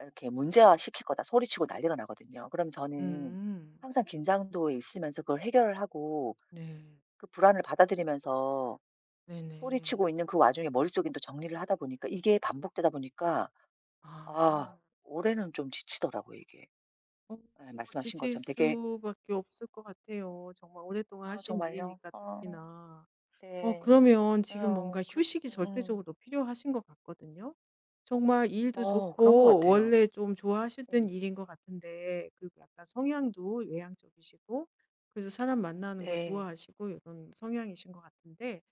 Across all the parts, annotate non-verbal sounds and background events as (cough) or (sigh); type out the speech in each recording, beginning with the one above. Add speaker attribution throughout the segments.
Speaker 1: 이렇게 문제화시킬 거다 소리치고 난리가 나거든요. 그러면 저는
Speaker 2: 음.
Speaker 1: 항상 긴장도에 있으면서 그걸 해결을 하고
Speaker 2: 네.
Speaker 1: 그 불안을 받아들이면서
Speaker 2: 네네.
Speaker 1: 소리치고 있는 그 와중에 머릿속에는 또 정리를 하다 보니까 이게 반복되다 보니까 아
Speaker 2: 아.
Speaker 1: 올해는 좀 지치더라고요 이게.
Speaker 2: 어.
Speaker 1: 예
Speaker 2: 뭐
Speaker 1: 말씀하신
Speaker 2: 지칠
Speaker 1: 것처럼 되게
Speaker 2: 수밖에 없을 것 같아요. 정말 오랫동안
Speaker 1: 아
Speaker 2: 하신
Speaker 1: 정말요?
Speaker 2: 일이니까
Speaker 1: 아.
Speaker 2: 특히나. 어
Speaker 1: 네.
Speaker 2: 그러면 지금 뭔가
Speaker 1: 어 그렇
Speaker 2: 휴식이
Speaker 1: 응.
Speaker 2: 절대적으로 필요하신 것 같거든요. 정말 일도
Speaker 1: 어 그런 것
Speaker 2: 좋고
Speaker 1: 같아요.
Speaker 2: 원래 좀 좋아하셨던
Speaker 1: 음.
Speaker 2: 일인 것 같은데 그리고 약간 성향도 외향적이시고 그래서 사람 만나는 거
Speaker 1: 네.
Speaker 2: 좋아하시고 이런 성향이신 것 같은데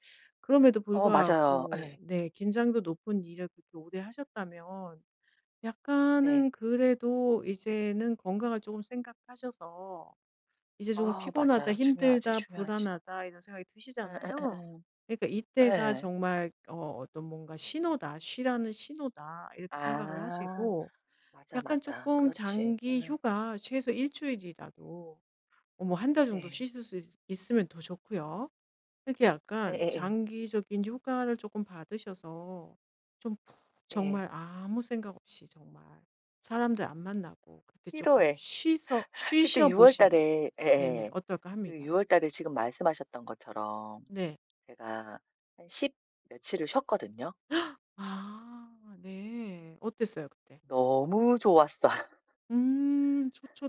Speaker 2: 그럼에도
Speaker 1: 어 맞아요. 예.
Speaker 2: 불구하고 네 긴장도 높은 일을 그렇게 오래 하셨다면
Speaker 1: 네.
Speaker 2: 약간은 그래도 이제는 건강을 쪼금 생각하셔서 이제 조금
Speaker 1: 아
Speaker 2: '피곤하다,
Speaker 1: 맞아요. 중요하지,
Speaker 2: 힘들다,
Speaker 1: 중요하지.
Speaker 2: 불안하다.' 이런 생각이 드시잖아요.
Speaker 1: 예예예예.
Speaker 2: 그러니까 이때가
Speaker 1: 예.
Speaker 2: 정말 어 어떤 뭔가 '신호다. 쉬라는 신호다.' 이렇게 생각을
Speaker 1: 아.
Speaker 2: 하시고
Speaker 1: 맞아,
Speaker 2: 약간
Speaker 1: 맞아.
Speaker 2: 쪼끔
Speaker 1: 그렇지.
Speaker 2: 장기
Speaker 1: 예.
Speaker 2: 휴가 최소 1 주일이라도 어 뭐 1 달 정도
Speaker 1: 네.
Speaker 2: 쉬실 수 있으 있으면 더 좋고요. 이렇게 약간
Speaker 1: 예예예.
Speaker 2: 장기적인 휴가를 쪼끔 받으셔서 좀 푹
Speaker 1: 예.
Speaker 2: 정말 아무 생각 없이 정말 사람들 안 만나고 그렇게
Speaker 1: 1
Speaker 2: 쪼끔
Speaker 1: 월에.
Speaker 2: 쉬서
Speaker 1: (laughs) 그때
Speaker 2: 쉬셔
Speaker 1: 6
Speaker 2: 보시면
Speaker 1: 달에
Speaker 2: 네네.
Speaker 1: 예예.
Speaker 2: 어떨까
Speaker 1: 그
Speaker 2: 합니다.
Speaker 1: 6 달에 지금 말씀하셨던 것처럼
Speaker 2: 네.
Speaker 1: 제가 한 십 며칠을 쉬었거든요.
Speaker 2: (gasps) 아. 네. 어땠어요 그때?
Speaker 1: 너무 좋았어.
Speaker 2: 음. 좋죠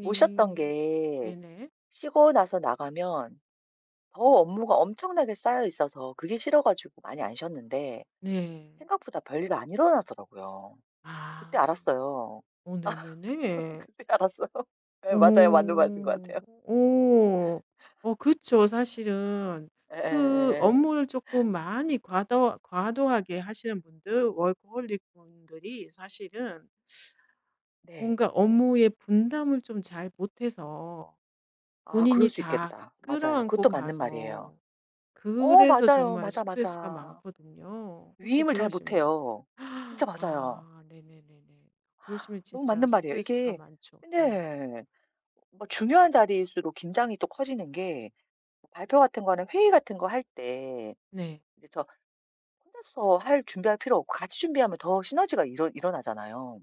Speaker 1: 못 쉬었던 게
Speaker 2: 네네.
Speaker 1: 쉬고 나서 나가면 더 업무가 엄청나게 쌓여 있어서 그게 싫어 가지고 많이 안 쉬었는데
Speaker 2: 네.
Speaker 1: 생각보다 별일이 안 일어나더라고요.
Speaker 2: 아.
Speaker 1: 그때 알았어요.
Speaker 2: 어
Speaker 1: (laughs)
Speaker 2: 네네네.
Speaker 1: 그때 알았어요. 예 맞아요. 맞는 말씀인 것
Speaker 2: 오오.
Speaker 1: 같아요.
Speaker 2: 어. 어 그쵸 사실은.
Speaker 1: (laughs)
Speaker 2: 그
Speaker 1: 예예예예.
Speaker 2: 업무를 쪼끔 많이 과도 과도하게 하시는 분들 워커홀릭 분들이 사실은
Speaker 1: 네.
Speaker 2: 뭔가 업무의 분담을 좀 잘 못해서
Speaker 1: 아 그럴
Speaker 2: 본인이
Speaker 1: 수
Speaker 2: 다
Speaker 1: 있겠다. 맞아요.
Speaker 2: 끌어안고
Speaker 1: 그것도 맞는 말이에요.
Speaker 2: 가서
Speaker 1: 어
Speaker 2: 그래서
Speaker 1: 맞아요.
Speaker 2: 정말
Speaker 1: 맞아,
Speaker 2: 스트레스가
Speaker 1: 맞아.
Speaker 2: 많거든요. 혹시
Speaker 1: 위임을 잘
Speaker 2: 그러시면
Speaker 1: 못해요. 진짜
Speaker 2: (gasps)
Speaker 1: 맞아요.
Speaker 2: 아 네네네네. 그러시면
Speaker 1: 너무
Speaker 2: 진짜
Speaker 1: 맞는 말이에요.
Speaker 2: 스트레스가
Speaker 1: 이게
Speaker 2: 많죠. 네.
Speaker 1: 네. 뭐 중요한 자리일수록 긴장이 또 커지는 게 발표 같은 거는 회의 같은 거 할 때
Speaker 2: 네.
Speaker 1: 이제 저 혼자서 할 준비할 필요 없고 같이 준비하면 더 시너지가 일어 일어나잖아요.